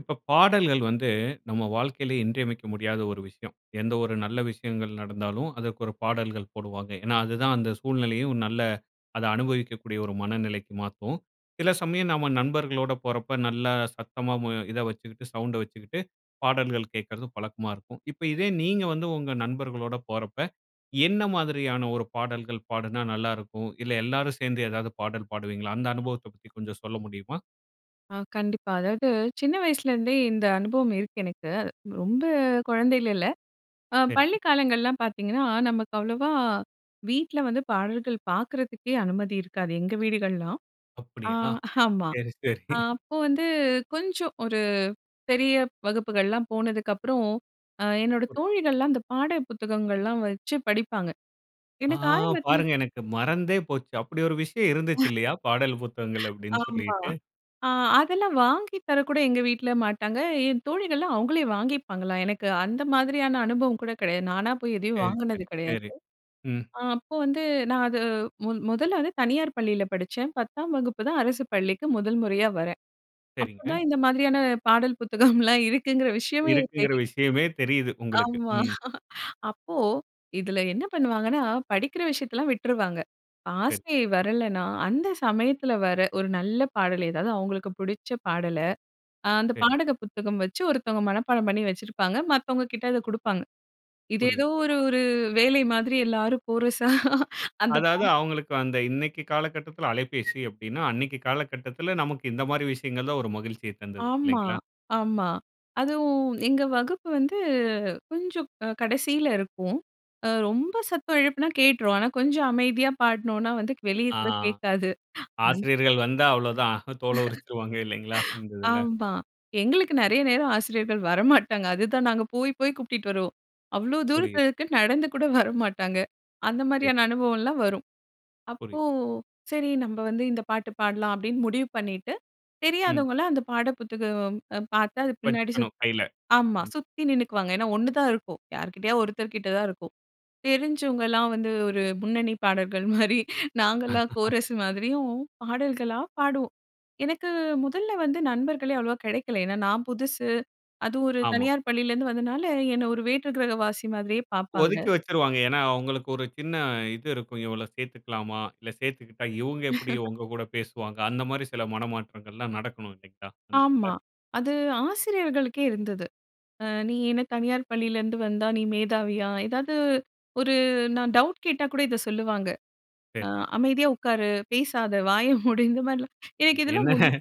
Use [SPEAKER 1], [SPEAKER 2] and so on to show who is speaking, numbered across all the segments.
[SPEAKER 1] இப்ப பாடல்கள் வந்து நம்ம வாழ்க்கையில இன்றியமைக்க முடியாத ஒரு விஷயம். எந்த ஒரு நல்ல விஷயங்கள் நடந்தாலும் அதற்கு ஒரு பாடல்கள் போடுவாங்க. ஏன்னா அதுதான் அந்த சூழ்நிலையும் நல்ல, அதை அனுபவிக்கக்கூடிய ஒரு மனநிலைக்கு மாத்தும். சில சமயம் நம்ம நண்பர்களோட போறப்ப நல்லா சத்தமா மு இத வச்சுக்கிட்டு, சவுண்டை வச்சுக்கிட்டு பாடல்கள் கேட்கிறது பழக்கமா இருக்கும். இப்ப இதே நீங்க வந்து உங்க நண்பர்களோட போறப்ப என்ன மாதிரியான ஒரு பாடல்கள் பாடுனா நல்லாருக்கும்? இல்ல எல்லாரும் சேர்ந்து எதாவது பாடல் பாடுவீங்களா? அந்த அனுபவத்தைப் பத்தி கொஞ்சம் சொல்ல முடியுமா?
[SPEAKER 2] ஆ, கண்டிப்பா. அதாவது சின்ன வயசுலேருந்தே இந்த அனுபவம் இருக்கு எனக்கு. ரொம்ப குழந்தைல இல்ல. அ பள்ளி
[SPEAKER 1] சரிங்க.
[SPEAKER 2] காலங்கள்லாம் பார்த்தீங்கன்னா, நமக்கு அவ்ளோவா வீட்ல வந்து பாடல்கள் பார்க்கறதுக்கே அனுமதி இருக்காது எங்க வீடுகள்லலாம். அ
[SPEAKER 1] அப்படியா?
[SPEAKER 2] ஆமா,
[SPEAKER 1] சரி,
[SPEAKER 2] அ
[SPEAKER 1] சரி.
[SPEAKER 2] அப்போ வந்து கொஞ்சம் ஒரு பெரிய வகுப்புகள்லாம் போனதுக்கப்பறம் அ என்னோட
[SPEAKER 1] புரியுது.
[SPEAKER 2] தோழிகள்லாம் அந்த பாடல் புத்தகங்கள்லாம் வச்சு படிப்பாங்க.
[SPEAKER 1] ஆ!
[SPEAKER 2] எனக்கு ஆரம்பத்தில
[SPEAKER 1] பாருங்க எனக்கு மறந்தே போச்சு. அப்படி ஒரு விஷயம் இருந்துச்சு இல்லையா! பாடல் புத்தகங்கள் அப்படின்னு
[SPEAKER 2] ஆமா.
[SPEAKER 1] சொல்லிட்டு.
[SPEAKER 2] அ அதெல்லாம் வாங்கி தரக்கூட எங்க வீட்டில மாட்டாங்க. என் தோழிகள்லாம் அவங்களே வாங்கிப்பாங்களாம். எனக்கு அந்த மாதிரியான அனுபவம் கூட கிடையாது. நானா போய் எதையும்
[SPEAKER 1] சரி,
[SPEAKER 2] வாங்குனது
[SPEAKER 1] சரி,
[SPEAKER 2] கிடையாது.
[SPEAKER 1] சரி, ம்.
[SPEAKER 2] அ அப்போ வந்து நான் அது முன் முதல்ல வந்து தனியார் பள்ளியில படிச்சேன். 10ஆம் வகுப்பு தான் அரசு பள்ளிக்கு முதல் முறையா வரேன். அப்போ
[SPEAKER 1] சரிங்க.
[SPEAKER 2] தான் இந்த மாதிரியான பாடல் புத்தகம்லாம் இருக்குங்கிற விஷயமே
[SPEAKER 1] இருக்குங்கிற
[SPEAKER 2] தெரியும்.
[SPEAKER 1] விஷயமே தெரியுது உங்களுக்கு.
[SPEAKER 2] ஆமா.
[SPEAKER 1] ம்.
[SPEAKER 2] அப்போ இதில என்ன பண்ணுவாங்கன்னா, படிக்கிற விஷயத்தெல்லாம் விட்டுருவாங்க.
[SPEAKER 1] சரி.
[SPEAKER 2] ஆசிரியை வரலைனா அந்த சமயத்தில வர, ஒரு நல்ல பாடல் ஏதாவது அவங்களுக்கு புடிச்ச பாடல அ அந்த
[SPEAKER 1] சரி.
[SPEAKER 2] பாடல் புத்தகம் வச்சு ஒருத்தவங்க மனப்பாடம் பண்ணி வச்சிருப்பாங்க. மத்தவங்க கிட்ட அதை குடுப்பாங்க. இது ஏதோ
[SPEAKER 1] புரியுது.
[SPEAKER 2] ஒரு ஒரு வேலை மாதிரி எல்லாரும் கோரசா அந்தப்
[SPEAKER 1] அதாவது
[SPEAKER 2] பாட்
[SPEAKER 1] அவங்களுக்கு அந்த இன்னைக்கு காலகட்டத்தில அலைபேசி அப்படின்னா, அன்னைக்கு காலகட்டத்தில நமக்கு இந்த மாதிரி விஷயங்கள் தான் ஒரு மகிழ்ச்சியை தந்தது,
[SPEAKER 2] ஆமா,
[SPEAKER 1] இல்லைங்களா?
[SPEAKER 2] ஆமா. அதுவும் எங்க வகுப்பு வந்து கொஞ்சம் அ கடைசியில இருக்கும். அ ரொம்ப சத்தம் எழுப்புனா கேட்டுரும். ஆனா கொஞ்சம் அமைதியா பாட்னோன்னா வந்து வெளிய
[SPEAKER 1] ஆ.
[SPEAKER 2] கூட கேட்காது. அந்
[SPEAKER 1] ஆசிரியர்கள் வந்தா அவ்ளோ தான், தோல உரிச்சுருவாங்க இல்லைங்களா? இந்த இதில.
[SPEAKER 2] ஆமா. எங்களுக்கு நிறைய நேரம் ஆசிரியர்கள் வரமாட்டாங்க. அதுதான் நாங்க போய் போய் கூப்டுட்டு வருவோம். அவ்வளோ
[SPEAKER 1] புரியுது.
[SPEAKER 2] தூரத்தில இருக்குனு நடந்து கூட வரமாட்டாங்க. அந்த
[SPEAKER 1] சரி.
[SPEAKER 2] மாதிரியான அனுபவம்லாம் வரும். அப்போ,
[SPEAKER 1] புரியுது.
[SPEAKER 2] "சரி நம்ப வந்து இந்த பாட்டு பாடலாம்" அப்படின்னு முடிவு பண்ணிட்டு,
[SPEAKER 1] ம்.
[SPEAKER 2] தெரியாதவங்கலாம் அந்த பாடல் புத்தகம் அ பார்த்து அது பின்னாடி சுத்
[SPEAKER 1] வச்சுக்கணும் கைல.
[SPEAKER 2] ஆமா,
[SPEAKER 1] ம்.
[SPEAKER 2] சுத்தி நின்னுக்குவாங்க. ஏன்னா ஒன்னுதான் இருக்கும். யார்க்கிட்டயா ஒருத்தர் கிட்ட தான் இருக்கும். தெரிஞ்சவங்கலாம் வந்து ஒரு முன்னணி பாடகர்கள் மாரி, நாங்கலாம் கோரஸ் மாதிரியும் பாடல்களா பாடுவோம். எனக்கு முதல்ல வந்து நண்பர்களே அவ்ளோவா கிடைக்கல. ஏன்னா நான் புதுசு. அதுவும் ஒரு
[SPEAKER 1] ஆமா.
[SPEAKER 2] தனியார் பள்ளியிலருந்து வந்தனால என்னை ஒரு வேற்று கிரகவாசி மாதிரியே பார்ப்பாங்க.
[SPEAKER 1] ஒதுக்கி வச்சுருவாங்க. ஏன்னா அவங்களுக்கு ஒரு சின்ன இது இருக்கும். "இவள சேர்த்துக்கலாமா? இல்லை சேர்த்துகிட்டா இவங்க எப்படி உங்க கூட பேசுவாங்க?" அந்த மாரி சில மனமாற்றங்கள்லாம் நடக்கணும். இல்லைங்களா? அந்ததுல.
[SPEAKER 2] ஆமா. அது ஆசிரியர்களுக்கே இருந்தது. அ "நீ என்ன தனியார் பள்ளியில இருந்து வந்தா நீ மேதாவியா?", ஏதாவது ஒரு நான் டவுட் கேட்டா கூட இதை சொல்லுவாங்க. அ
[SPEAKER 1] சரி.
[SPEAKER 2] "அமைதியா உட்காரு, பேசாத வாய மூடு" இந்த மாதிரிலாம். எனக்கு
[SPEAKER 1] இது என்ன?
[SPEAKER 2] இதெல்லாம் [unintelligible]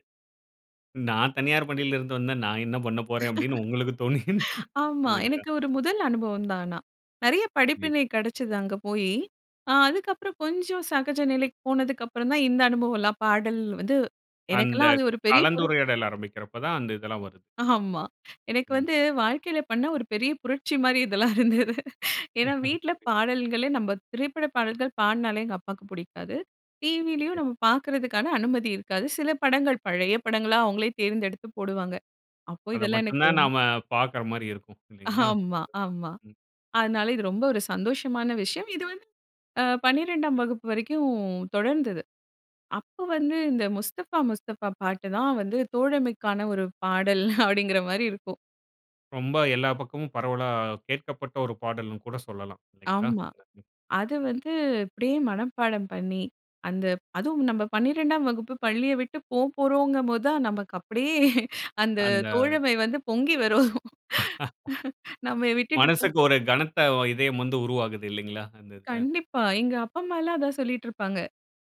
[SPEAKER 1] "நான் தனியார் பள்ளியில இருந்து வந்தா, நான் என்ன பண்ணப்போறேன்?" அப்படின்னு உங்களுக்கு தோனி
[SPEAKER 2] ஆமா.
[SPEAKER 1] இல்லைங்களா?
[SPEAKER 2] எனக்கு ஒரு முதல் அனுபவம் தான். ஆனா, நெறைய
[SPEAKER 1] புரிது.
[SPEAKER 2] படிப்பினை கிடைச்சது அங்கே போயி, ஆ அதுக்கப்புறம் கொஞ்சம் சகஜ நிலைக்கு போனதுக்கு அப்புறம் தான் இந்த அனுபவம்லாம், பாடல் வந்து
[SPEAKER 1] அந்த
[SPEAKER 2] எனக்கெல்லாம் அது ஒரு பெரிய புரட்
[SPEAKER 1] கலந்துரையாடல் ஆரம்பிக்கிறப்ப தான், அந்த இதெல்லாம் வருது.
[SPEAKER 2] ஆமா. எனக்கு
[SPEAKER 1] ம்.
[SPEAKER 2] வந்து வாழ்க்கையில பண்ண ஒரு பெரிய புரட்சி மாதிரி இதெல்லாம் இருந்தது. ஏன்னா வீட்டில
[SPEAKER 1] புரியுது.
[SPEAKER 2] பாடல்களே நம்ம திரைப்பட பாடல்கள் பாடினாலே எங்க அப்பாக்கு பிடிக்காது. டிவிலேயும்
[SPEAKER 1] சரி.
[SPEAKER 2] நம்ம பார்க்கறதுக்கான அனுமதி இருக்காது. சில படங்கள் பழைய படங்களா அவங்களே தேர்ந்தெடுத்து போடுவாங்க. அப்போ
[SPEAKER 1] அதை
[SPEAKER 2] இதெல்லாம்
[SPEAKER 1] மட்டும்
[SPEAKER 2] எனக்கு
[SPEAKER 1] தான்
[SPEAKER 2] ரொம்
[SPEAKER 1] நாம பார்க்கற மாரி இருக்கும், இல்லைங்களா?
[SPEAKER 2] ஆமா, ஆமா.
[SPEAKER 1] ம்.
[SPEAKER 2] அதனால இது ரொம்ப ஒரு சந்தோஷமான விஷயம். இது வந்து ஆ 12ஆம் வகுப்பு வரைக்கும் தொடர்ந்தது. அப்ப வந்து இந்த முஸ்தபா முஸ்தபா பாட்டு தான் வந்து தோழமைக்கான ஒரு பாடல் அப்படின்கிற மாரி இருக்கும்.
[SPEAKER 1] ரொம்ப எல்லா பக்கமும் பரவலா கேட்கப்பட்ட ஒரு பாடல்னு கூட சொல்லலாம். இல்லைங்களா?
[SPEAKER 2] ஆமா.
[SPEAKER 1] [unintelligible]
[SPEAKER 2] அது வந்து, இப்படியே மனப்பாடம் பண்ணி, அந்த அதுவும் நம்ம 12ஆம் வகுப்பு பள்ளிய விட்டு போகப்போறோம்ங்க போது தான் நமக்கு அப்படியே அந்த
[SPEAKER 1] அந்த
[SPEAKER 2] தோழமை வந்து பொங்கி வரும். நம்மள விட்டுட்டு போ
[SPEAKER 1] மனசுக்கு ஒரு கனத்த வ இதயம் வந்து உருவாகுது, இல்லைங்களா? அந்த இதில.
[SPEAKER 2] கண்டிப்பா. எங்க அப்பா அம்மா எல்லாம் அதான் சொல்லிட்டு இருப்பாங்க.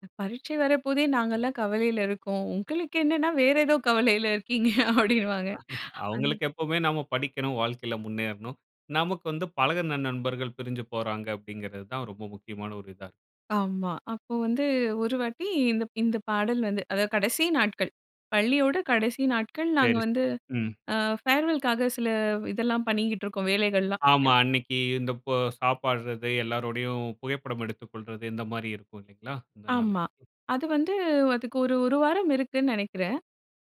[SPEAKER 2] "அ பரீட்சை வர போதேன்னு, நாங்கள்லாம் கவலையில இருக்கோம். உங்களுக்கு என்னன்னா வேற ஏதோ கவலையில இருக்கீங்க", அப்படின்னுவாங்க. அந்
[SPEAKER 1] அவங்களுக்கு எப்பவுமே நம்ம படிக்கணும், வாழ்க்கையில முன்னேறணும். நமக்கு வந்து பழகுன நண்பர்கள் பிரிஞ்சு போறாங்க, அப்படிங்கறது தான் ரொம்ப முக்கியமான ஒரு இதா இருக்கும்.
[SPEAKER 2] ஆமாம். அப்போ வந்து ஒரு வாட்டி, இந்த இந்த பாடல் வந்து அதாவது கடைசி நாட்கள். பள்ளியோட கடைசி நாட்கள், நாங்க
[SPEAKER 1] சரி,
[SPEAKER 2] வந்து
[SPEAKER 1] சரி. ம்.
[SPEAKER 2] அ ஃபேர்வெல்‌க்காக சில இதெல்லாம் பண்ணிக்கிட்டு இருக்கோம், வேலைகள்லாம்.
[SPEAKER 1] ஆமா.
[SPEAKER 2] [unintelligible]
[SPEAKER 1] அன்னிக்கு இந்த ப சாப்பிடுறது, எல்லாரோடையும் புகைப்படம் எடுத்துக் கொள்றது, இந்த மாரி இருக்கும் இல்லைங்களா? அந்த நாளன்னைக்கு.
[SPEAKER 2] ஆமா. அது வந்து அதுக்கு ஒரு 1 வாரம் இருக்குன்னு நெனைக்கிறேன்.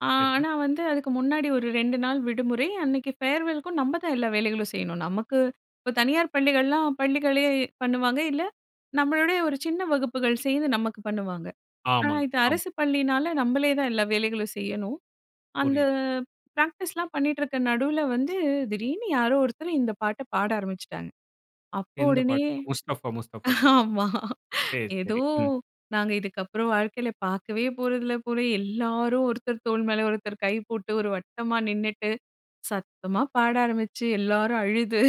[SPEAKER 2] ஆ
[SPEAKER 1] சரி.
[SPEAKER 2] ஆனா வந்து அதுக்கு முன்னாடி ஒரு 2 நாள் விடுமுறை. அன்னைக்கு ஃபேர்வெல்க்கும் நம்ப தான் எல்லா வேலைகளும் செய்யணும். நமக்கு இப்ப தனியார் பள்ளிகள்லாம் பள்ளிகளே பண்ணுவாங்க, இல்ல நம்மளுடைய ஒரு சின்ன வகுப்புகள் சேர்ந்து நமக்கு பண்ணுவாங்க. ஆனா
[SPEAKER 1] ஆமாங்க.
[SPEAKER 2] இது
[SPEAKER 1] ஆமா.
[SPEAKER 2] அரசு பள்ளியினால நம்பளே தான் எல்லா வேலைகளும் செய்யணும். அந்த
[SPEAKER 1] புரியுது.
[SPEAKER 2] ப்ராக்டிஸ்லாம் பண்ணிட்டிருக்க நடுவில வந்து, திடீர்னு யாரோ ஒருத்தர் இந்த பாட்ட பாட ஆரம்பிச்சுட்டாங்க. அப்போ
[SPEAKER 1] எந்த
[SPEAKER 2] உடனே
[SPEAKER 1] பாட்டு? "முஸ்தஃபா முஸ்தஃபா" சொல்
[SPEAKER 2] ஆமா
[SPEAKER 1] சரி,
[SPEAKER 2] ஏதோ
[SPEAKER 1] சரி. ம்.
[SPEAKER 2] நாங்க இதுக்கப்புறம் வாழ்க்கையில பார்க்கவே போறதில்ல போல. எல்லாரும் ஒருத்தர் தோள் மேலே ஒருத்தர் கை போட்டு, ஒரு வட்டமா நின்னுட்டு, சத்தமா பாட ஆரம்பிச்சு, எல்லாரும் அழுது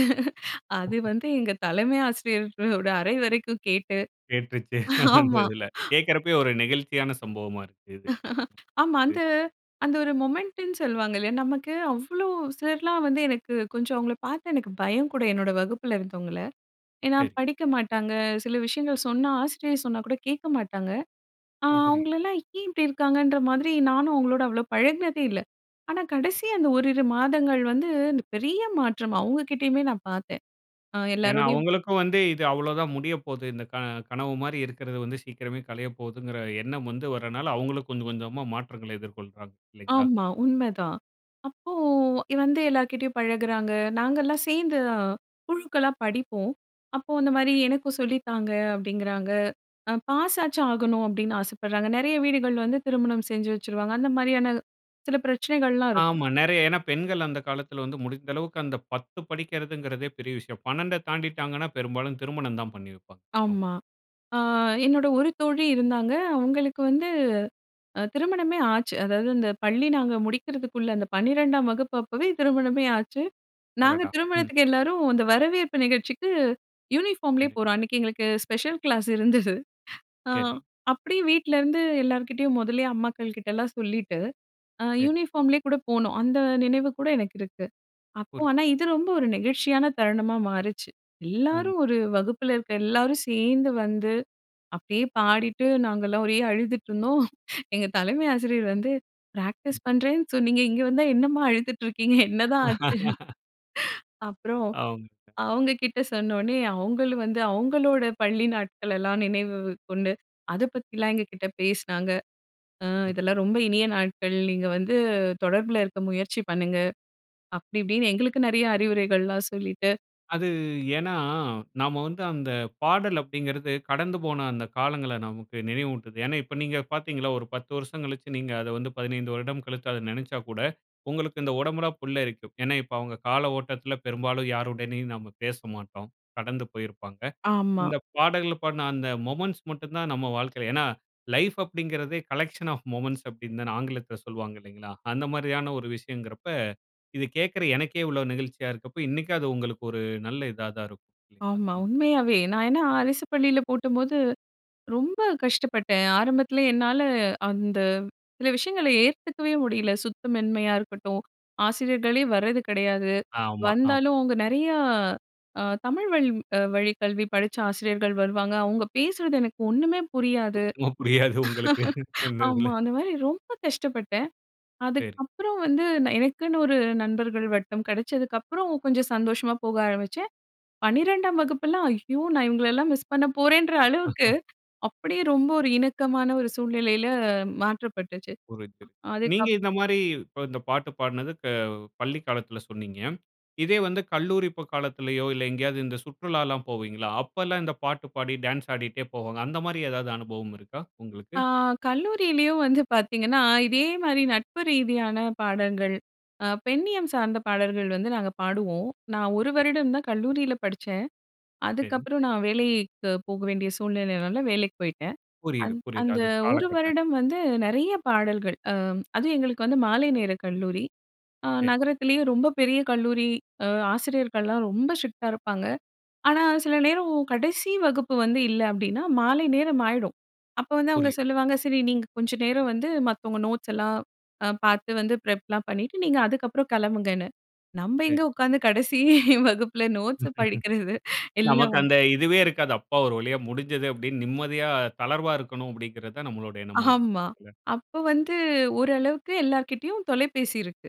[SPEAKER 2] அது
[SPEAKER 1] [unintelligible]
[SPEAKER 2] வந்து எங்க தலைமை ஆசிரியர்களோட அறை வரைக்கும் கேட்டு
[SPEAKER 1] கேட்ருச்சு. அந்த
[SPEAKER 2] ஆமா.
[SPEAKER 1] இதில. கேக்கறப்பவே ஒரு நெகிழ்ச்சியான சம்பவமா இருக்கு இது. ம்.
[SPEAKER 2] ஆமா. அந்த
[SPEAKER 1] இது.
[SPEAKER 2] அந்த ஒரு மொமெண்ட்ன்னு சொல்லுவாங்க இல்லையா? நமக்கு அவ்வளோ சிலர்லாம் வந்து எனக்கு கொஞ்சம் அவங்கள பார்த்து எனக்கு பயம் கூட, என்னோட வகுப்பில இருந்தவங்கள. ஏனா
[SPEAKER 1] சரி.
[SPEAKER 2] படிக்க மாட்டாங்க, சில விஷயங்கள் சொன்னா, ஆசிரியர் சொன்னா கூட கேட்க மாட்டாங்க. அ
[SPEAKER 1] ஓ. புரியுது.
[SPEAKER 2] அவங்களலாம் ஏன் இப்படி இருக்காங்கன்ற மாதிரி நானும் அவங்களோட அவ்வளோ பழகினதே இல்ல. ஆனா கடைசி
[SPEAKER 1] புரியுது.
[SPEAKER 2] அந்த ஓரிரு மாதங்கள் வந்து அந்த பெரிய மாற்றம் அவங்க கிட்டேயுமே நான் பார்த்தேன். அ
[SPEAKER 1] ஏன்னா
[SPEAKER 2] எல்லாரோடையும்
[SPEAKER 1] அவங்களுக்கும் வந்து இது அவ்வளோ தான் முடிய போகுது. இந்த க கனவு மாரி இருக்கிறது வந்து சீக்கிரமே களையப் போகுதுங்கற எண்ணம் வந்து வரதுனால, அவங்களும் கொஞ்சம் கொஞ்சமா மாற்றங்கள எதிர்கொள்றாங்க, இல்லைங்களா?
[SPEAKER 2] ஆமா. உண்மைதான். அப்போ இ வந்து எல்லார்கிட்டேயும் பழகுறாங்க. நாங்கள்லாம் சேர்ந்து அ குழுக்களா படிப்போம். அப்போ அந்த மாரி
[SPEAKER 1] [unintelligible]
[SPEAKER 2] "எனக்கும் சொல்லி தாங்க." அப்படிங்கிறாங்க. 'அ பாஸ் ஆச்சும் ஆகணும்' அப்படின்னு ஆசை படுறாங்க. நெறைய வீடுகள் வந்து திருமணம் செஞ்சு வச்சுருவாங்க. அந்த மாரியான சில பிரச்சனைகள்லாம் இருக்கும்.
[SPEAKER 1] ஆமா, நெறைய. ஏன்னா பெண்கள் அந்த காலத்தில வந்து முடிந்த அளவுக்கு அந்த 10 படிக்கறதுங்கறதே பெரிய விஷயம். 12அ தாண்டிட்டாங்கன்னா பெரும்பாலும் திருமணம் தான் பண்ணி வப்பாங்க அவுங்
[SPEAKER 2] ஆமா. அ என்னோட ஒரு தோழி இருந்தாங்க. அவங்களுக்கு வந்து அ திருமணமே ஆச்சு, அதாவது அந்த பள்ளி நாங்க முடிக்கிறதுக்குள்ள அந்த பன்னிரெண்டாம் வகுப்பப்பவே திருமணமே ஆச்சு. நாங்க
[SPEAKER 1] அடடா. ம்.
[SPEAKER 2] திருமணத்துக்கு எல்லாரும், அந்த வரவேற்பு நிகழ்ச்சிக்கு யூனிஃபார்ம்லே
[SPEAKER 1] சரி.
[SPEAKER 2] போறோம். அன்னைக்கு எங்களுக்கு ஸ்பெஷல் கிளாஸ் இருந்தது. அ
[SPEAKER 1] சரி.
[SPEAKER 2] அப்படியே வீட்லேருந்து எல்லார்கிட்டேயும் முதல்லே அம்மாக்கள் கிட்டெல்லாம் சொல்லிட்டு, அ
[SPEAKER 1] சரி.
[SPEAKER 2] யூனிஃபார்ம்லே கூட போனோம். அந்த நினைவு கூட எனக்கு இருக்கு. அப்போ
[SPEAKER 1] புரியுது.
[SPEAKER 2] ஆனா இது ரொம்ப ஒரு நெகிழ்ச்சியான தருணமா மாறுச்சு.
[SPEAKER 1] ம்.
[SPEAKER 2] எல்லாரும் ஒரு வகுப்புல இருக்க எல்லாரும் சேர்ந்து வந்து, அப்படியே பாடிட்டு நாங்கள்லாம் ஒரே அழுதுட்டுருந்தோம். எங்க தலைமை ஆசிரியர் வந்து
[SPEAKER 1] ம்.
[SPEAKER 2] "ப்ராக்டிஸ் பண்றேன்னு சொன்னீங்க. இங்க வந்தா என்னம்மா அழுதுட்டு இருக்கீங்க? என்னதான் ஆச்சு?" அப்பறம்,
[SPEAKER 1] அவுங்ககிட்ட.
[SPEAKER 2] அவங்க கிட்ட சொன்ன உடனே, அவங்களூம் வந்து அவங்களோட பள்ளி நாட்களெல்லாம் நினைவு கொண்டு, அத பத்திலாம் எங்க கிட்ட பேசினாங்க. "அ
[SPEAKER 1] ஒரு
[SPEAKER 2] இதெல்லாம் ரொம்ப இனிய நாட்கள். நீங்க வந்து தொடர்பில இருக்க முயற்சி பண்ணுங்க." அப்படி இப்படின்னு எங்களுக்கு நெறைய அறிவுரைகள்லாம் சொல்லிட்டு
[SPEAKER 1] அது ஏன்னா, நாம வந்து அந்த பாடல் அப்டிங்கிறது கடந்து போன அந்த காலங்கள நமக்கு நினைவூட்டுது. ஏன்னா, இப்ப நீங்க பார்த்தீங்கள்ல ஒரு 10 வருசம் கழிச்சு நீங்க அத வந்து 15 வருடம் கழித்து அத நினைச்சாக்கூட, உங்களுக்கு இந்த உடம்புலாம் புல்லரிக்கும். ஏன்னா, இப்ப அவங்க கால ஓட்டத்தில பெரும்பாலும் யாருடனும் நாம பேசமாட்டோம். கடந்து போயிருப்பாங்க.
[SPEAKER 2] ஆமா.
[SPEAKER 1] இந்த பாடல்கள பாடுன அந்த மொமென்ட்ஸ் மட்டும் தான் நம் வாழ்க்கையில ஏன்னா, லைஃப் அப்டிங்கிறதே, கலெக்க்ஷன் ஆஃப் மொமெண்ட்ஸ் அப்டின்னு தானே ஆங்கிலத்தில சொல்வாங்க, இல்லைங்களா? அந்த மாரியா ன ஒரு விஷயம்ங்கிறப்ப, இது கேட்கிற எனக்கே இவ்வளோ நெகிழ்ச்சியா இருக்கப்ப, இன்னைக்கும் அது உங்களுக்கு ஒரு நல்ல இதா தான் இருக்கும், இல்லைங்களா?
[SPEAKER 2] ஆமா,
[SPEAKER 1] ம்.
[SPEAKER 2] உண்மையாவே. நான் ஏன்னா, அரசு பள்ளியில போட்டப்போது ரொம்ப கஷ்டப்பட்டேன். ஆரம்பத்துல என்னால அந்த சில விஷயங்கள ஏத்துக்கவே முடியல. சுத்தமின்மையா இருக்கட்டும். ஆசிரியர்களே வரது கெடயாது.
[SPEAKER 1] ஆமா. ஆம்.
[SPEAKER 2] வந்தாலும், அவங்க நெறையா அ தமிழ் வழ் அ வழி கல்வி படிச்ச ஆசிரியர்கள் வருவாங்க. அவங்க பேசுறது எனக்கு ஒன்னுமே புரியாது.
[SPEAKER 1] சுத்தமா புரியாது உங்களுக்கு, அந்த இதுல.
[SPEAKER 2] ஆமா. அந்த மாறி ரொம்ப கஷ்டப்பட்டேன்.
[SPEAKER 1] சரி.
[SPEAKER 2] அதுக்கப்பறம் வந்து நான் எனக்குன்னு ஒரு நண்பர்கள் வட்டம் கெடச்சதுக்கப்புறம் கொஞ்சம் சந்தோஷமா போக ஆரம்பிச்சேன். 12ஆம் வகுப்பெல்லாம், ஐயோ! நான் இவங்களலாம் மிஸ் பண்ண போறேன்ற அளவுக்கு, அப்படியே ரொம்ப ஒரு இணக்கமான ஒரு சூழ்நிலையில மாற்றப்பட்டுச்சு.
[SPEAKER 1] புரிது.
[SPEAKER 2] அ.
[SPEAKER 1] நீங்க
[SPEAKER 2] அதுக்கப்
[SPEAKER 1] இந்த மாரி இப்ப இந்த பாட்டு பாடுனது க பள்ளி காலத்தில சொன்னீங்க. இதே வந்து கல்லூரி ப காலத்திலேயோ, இல்ல எங்கயாவது இந்த சுற்றுலாலாம் போவீங்கள்ல, அப்பல்லாம் இந்த பாட்டு பாடி, டான்ஸ் ஆடிட்டே போவாங்க. அந்த மாரி ஏதாவது அனுபவம் இருக்கா, உங்களுக்கு?
[SPEAKER 2] ஆ கல்லூரியிலயும் வந்து பார்த்தீங்கன்னா, இதே மாரி நட்பு ரீதியான பாடல்கள், அ பெண்ணியம் சார்ந்த பாடல்கள் வந்து நாங்க பாடுவோம். நான் ஒரு
[SPEAKER 1] சரி.
[SPEAKER 2] வருடம் தான் கல்லூரியில படிச்சேன்.
[SPEAKER 1] சரி.
[SPEAKER 2] அதுக்கப்புறம் நான் வேலைக்கு போக வேண்டிய சூழ்நிலைனால, வேலைக்கு போயிட்டேன்.
[SPEAKER 1] புரியுது,
[SPEAKER 2] அந்
[SPEAKER 1] புரியுது,
[SPEAKER 2] அந்த
[SPEAKER 1] அது
[SPEAKER 2] ஒரு
[SPEAKER 1] காலகட்ட
[SPEAKER 2] வருடம் வந்து நெறைய பாடல்கள். அ அதுவும் எங்களுக்கு வந்து மாலை நேர கல்லூரி. அ
[SPEAKER 1] சரி.
[SPEAKER 2] நகரத்திலயே ரொம்ப பெரிய கல்லூரி. அ ஆசிரியர்கள்லாம் ரொம்ப ஸ்ட்ரிக்ட்டா இருப்பாங்க. ஆனா சில நேரம், கடைசி வகுப்பு வந்து இல்ல அப்டின்னா மாலை நேரம் ஆயிடும். அப்ப வந்து அவங்க
[SPEAKER 1] புரியுது.
[SPEAKER 2] சொல்லுவாங்க. சரி நீங்க கொஞ்ச நேரம் வந்து மத்தவங்க நோட்ஸ் எல்லாம் அ பார்த்து வந்து ப்ரெப்லாம் பண்ணிட்டு நீங்க அதுக்கப்புறம் கெளம்புங்கன்னு. நம்ம
[SPEAKER 1] ஹே.
[SPEAKER 2] எங்க உட்காந்து கடைசி வகுப்புல நோட்ஸ படிக்கறது. எல்லா
[SPEAKER 1] நமக்கு
[SPEAKER 2] வ
[SPEAKER 1] அந்த இதுவே இருக்காது. "அப்பா ஒரு வழியா முடிஞ்சது," அப்டின்னு நிம்மதியா, தளர்வாக இருக்கணும் அப்டிங்கிறது தான் நம்மளோட எண்ணமா இருக்கும்.
[SPEAKER 2] ஆமா.
[SPEAKER 1] இல்ல?
[SPEAKER 2] அப்ப வந்து, ஓரளவுக்கு எல்லார்கிட்டயும் தொலைபேசி இருக்கு.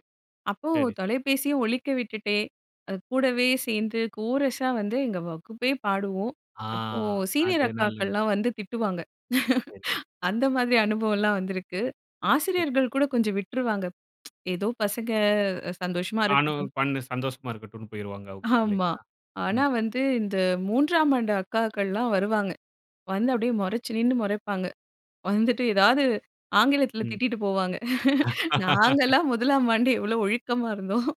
[SPEAKER 2] அப்போ
[SPEAKER 1] சரி, சரி.
[SPEAKER 2] தொலைபேசிய ஒலிக்க விட்டுட்டே, அ கூடவே சேர்ந்து கோரஸா வந்து எங்க வகுப்பே பாடுவோம்!
[SPEAKER 1] ஆ.
[SPEAKER 2] அப்போ சீனியர்
[SPEAKER 1] அது நல்லது
[SPEAKER 2] அக்காக்கள்லாம் வந்து திட்டுவாங்க.
[SPEAKER 1] சரி.
[SPEAKER 2] அந்த மாதிரி அனுபவம் எல்லாம் வந்திருக்கு!
[SPEAKER 1] [unintelligible]
[SPEAKER 2] ஆசிரியர்கள் கூட கொஞ்சம் விட்டுருவாங்க. "ஏதோ பசங்க அ சந்தோஷமா
[SPEAKER 1] நானும்
[SPEAKER 2] இருக்கட்டும்."
[SPEAKER 1] பண்ணே சந்தோஷமா இருக்கட்டும்னு போயிருவாங்க அவுங்க,
[SPEAKER 2] ஆமா.
[SPEAKER 1] இல்லைங்களா?
[SPEAKER 2] ஆனா
[SPEAKER 1] ம்.
[SPEAKER 2] வந்து இந்த 3ஆம் ஆண்டு அக்காக்கள்லாம் வருவாங்க. வந்து அப்டியே முறைச்சு நின்னு முறைப்பாங்க. வந்துட்டு ஏதாவது, ஆங்கிலத்தில
[SPEAKER 1] ம்.
[SPEAKER 2] திட்டிட்டு போவாங்க. "நாங்கலாம் 1 ம் ஆண்டு எவ்ளோ ஒழுக்கமா இருந்தோம்,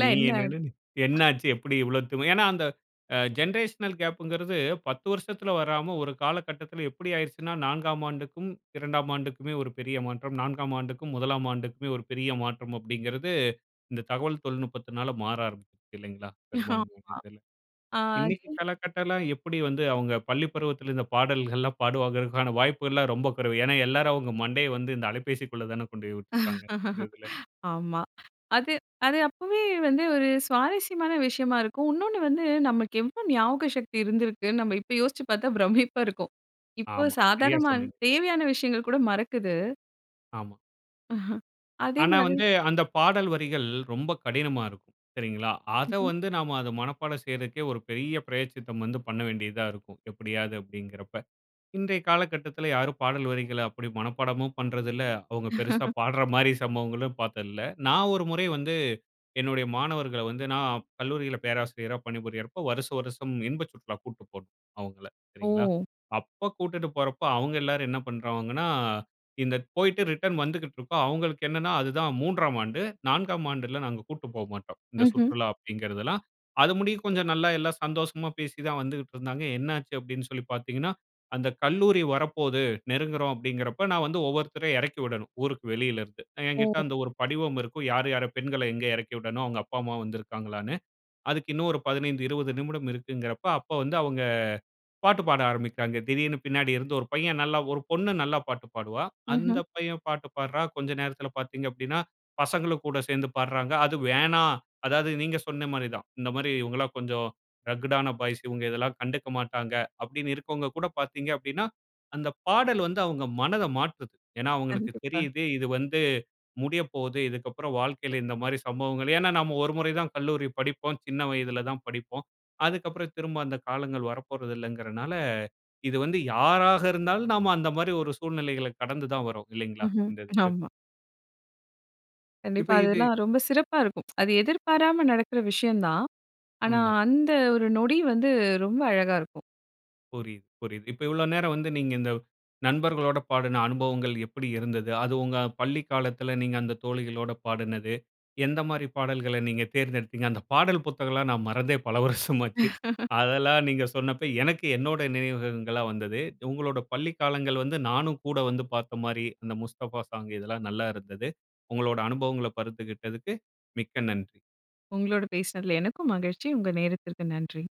[SPEAKER 1] நீ
[SPEAKER 2] என்ன அப்டின்"
[SPEAKER 1] என்னனனு என்னாச்சு எப்டி இவ்ளோ திமு ஏன்னா, அந்த அ ஜென்ரேஷனல் கேப்புங்கிறது, 10 வருஷத்துல வராம, ஒரு காலகட்டத்தில எப்டி ஆயிடுச்சுன்னா, 4ஆம் ஆண்டுக்கும் 2ஆம் ஆண்டுக்குமே ஒரு பெரிய மாற்றம். 4ஆம் ஆண்டுக்கும் 1ஆம் ஆண்டுக்குமே ஒரு பெரிய மாற்றம் அப்படிங்கிறது, இந்த தகவல் தொழில்நுட்பத்தினால மாற ஆரம்பிக்குது இல்லைங்களா? பெரும்பான்மையான
[SPEAKER 2] ஆமா.
[SPEAKER 1] இடத்தில்.
[SPEAKER 2] ஆ
[SPEAKER 1] இன்னைக்கு
[SPEAKER 2] [unintelligible]
[SPEAKER 1] காலகட்டம்லாம் எப்படி வந்து அவங்க பள்ளி பருவத்தில இந்த பாடல்கள்லாம் பாடுவாங்கங்கிறதுக்கான வாய்ப்புலாம் ரொம்ப குறைவு. ஏன்னா எல்லாரும் அவங்க மண்டைய வந்து இந்த அலைபேசிக்குள்ள தானே கொண்டு போய் உட்டுருக்காங்க, இந்த இதுல.
[SPEAKER 2] ஆமா. அது அது அப்பவே வந்து ஒரு சுவாரஸ்யமான விஷயமா இருக்கும். இன்னொன்னு வந்து நமக்கு எவ்ளோ ஞாபக சக்தி இருந்திருக்கு, நம்ம இப்ப யோசிச்சி பார்த்தா பிரமிப்பா இருக்கும். இப்ப
[SPEAKER 1] ஆமா. சரியா
[SPEAKER 2] சாதாரணமா
[SPEAKER 1] சொன்னீங்க.
[SPEAKER 2] தேவையான விஷயங்கள் கூட மறக்குது.
[SPEAKER 1] ஆமா. ஆனா
[SPEAKER 2] அதேமாதிரி
[SPEAKER 1] வந்து, அந்த பாடல் வரிகள் ரொம்ப கடினமா இருக்கும். சரிங்களா? அத
[SPEAKER 2] ம்ஹ்ம்.
[SPEAKER 1] வந்து நாம அத மனப்பாடம் செய்றக்கே ஒரு பெரிய பிராயச்சித்தம் வந்து பண்ண வேண்டியதா இருக்கும், எப்படியாது அப்படீங்கிறப்ப. இன்றைய காலகட்டத்துல யாரும் பாடல் வரிகள அப்படி மனப்பாடமும் பண்றதில்ல, அவுங்க பெருசா பாடுற மாரி சம்பவங்களும் பாத்தது இல்ல. நான் ஒரு முறை வந்து, என்னுடைய மாணவர்கள வந்து நான் கல்லூரில பேராசிரியரா பணிபுரியறப்போ, வருஷ வருஷம் இன்ப சுற்றுலா கூப்டு போணும் அவங்கள, சரிங்களா?
[SPEAKER 2] ஓ!
[SPEAKER 1] அப்ப கூட்டிட்டு போறப்போ, அவங்க எல்லாரும் என்ன பண்ருவாங்கன்னா, இந்த போய்ட்டு ரிட்டர்ன் வந்துக்கிட்டிருக்கோம், அவங்களுக்கு என்னன்னா அதுதான் 3ஆம் ஆண்டு, 4ஆம் ஆண்டுல நாங்க கூப்ட்டு போ மாட்டோம், இந்த
[SPEAKER 2] ம்ஹ்ம்.
[SPEAKER 1] சுற்றுலா அப்படிங்கிறதெல்லாம். அது முடிய கொஞ்சம் நல்லா எல்லாம் சந்தோஷமா பேசி தான் வந்துகிட்டு இருந்தாங்க. என்னாச்சு அப்படின்னு சொல்லி பார்த்தீங்கன்னா, அந்த கல்லூரி வரப்போது, நெருங்குகிறோம் அப்படிங்கிறப்ப, நான் வந்து ஒவ்வொருத்தரையும் இறக்கி விடணும், ஊருக்கு வெளியிலருந்து. அ
[SPEAKER 2] ஓ.
[SPEAKER 1] என்கிட்ட அந்த ஒரு படிவம் இருக்கும், யார் யார பெண்கள எங்க இறக்கி விடணும், அவங்க அப்பா அம்மா வந்துருக்காங்களான்னு. அதுக்கு இன்னும் ஒரு 15, 20 நிமிடம் இருக்குங்கறப்போ, அப்ப வந்து அவங்க பாட்டு பாட ஆரம்பிக்குறாங்க. திடீர்னு பின்னாடி இருந்து ஒரு பையன் நல்லா ஒரு பொண்ணு நல்லா பாட்டு பாடுவா.
[SPEAKER 2] ம்ஹ்ம்.
[SPEAKER 1] அந்த பையன் பாட்டு பாடுறான். கொஞ்ச நேரத்துல பார்த்தீங்க அப்படீனா, பசங்களும் கூட சேர்ந்து பாடுறாங்க. அது வேணா அதாவது நீங்க சொன்ன மாரி தான். இந்த மாரி, "இவங்கலாம் கொஞ்சம் ரக்கடான பாய்ஸ், இவங்க இதெல்லாம் கண்டுக்க மாட்டாங்க." அப்படின்னு இருக்கவங்க கூட பார்த்தீங்க அப்படினா, அந்த பாடல் வந்து அவங்க மனத மாற்றுது. ஏன்னா அவங்களுக்கு
[SPEAKER 2] கண்டிப்பா.
[SPEAKER 1] தெரியுது இது வந்து முடியப்போது. இதுக்கப்புறம் வாழ்க்கைல இந்த மாரி சம்பவங்கள் ஏன்னா நம்ம ஒரு முறை தான் கல்லூரி படிப்போம். சின்ன வயதுல தான் படிப்போம். அதுக்கப்புறம் திரும்ப அந்த காலங்கள் வரப்போறது இல்லங்கறனால, இது வந்து யாராக இருந்தாலும், நாம அந்த மாரி ஒரு சூழ்நிலைகள கடந்து தான் வர்றோம் இல்லைங்களா,
[SPEAKER 2] ம்ஹ்ம்,
[SPEAKER 1] இந்த இதுக்கு.
[SPEAKER 2] ஆமா.
[SPEAKER 1] இப்ப
[SPEAKER 2] கண்டிப்பா
[SPEAKER 1] இது
[SPEAKER 2] அதெல்லாம் ரொம்ப சிறப்பா இருக்கும். அது எதிர்பாராம நடக்குற விஷயம் தான். ஆனா
[SPEAKER 1] உண்ம.
[SPEAKER 2] அந்த ஒரு நொடி வந்து ரொம்ப அழகா இருக்கும்.
[SPEAKER 1] புரியுது, புரியுது. இப்ப இவ்ளோ நேரம் வந்து நீங்க இந்த, நண்பர்களோட பாடுன அனுபவங்கள் எப்படி இருந்தது. அது உங்க பள்ளி காலத்துல நீங்க அந்த தோழிகளோட பாடுனது. எந்த மாதிரி பாடல்கள நீங்க தேர்ந்தெடுத்தீங்க, அந்த பாடல் புத்தகம்லாம் நான் மறந்தே பல வருஷம் ஆச்சு. அதெல்லாம் நீங்க சொன்னப்ப எனக்கு என்னோட நினைவுகள்லாம் வந்தது. உங்களோட பள்ளி காலங்கள் வந்து நானும் கூட வந்து பாத்த மாரி, அந்த "முஸ்தஃபா சாங்" இதெல்லாம் நல்லா இருந்தது. உங்களோட அனுபவங்கள பகிர்ந்துகிட்டதுக்கு மிக்க நன்றி.
[SPEAKER 2] உங்களோட பேசினதுல எனக்கும் மகிழ்ச்சி. உங்க நேரத்திற்கு நன்றி.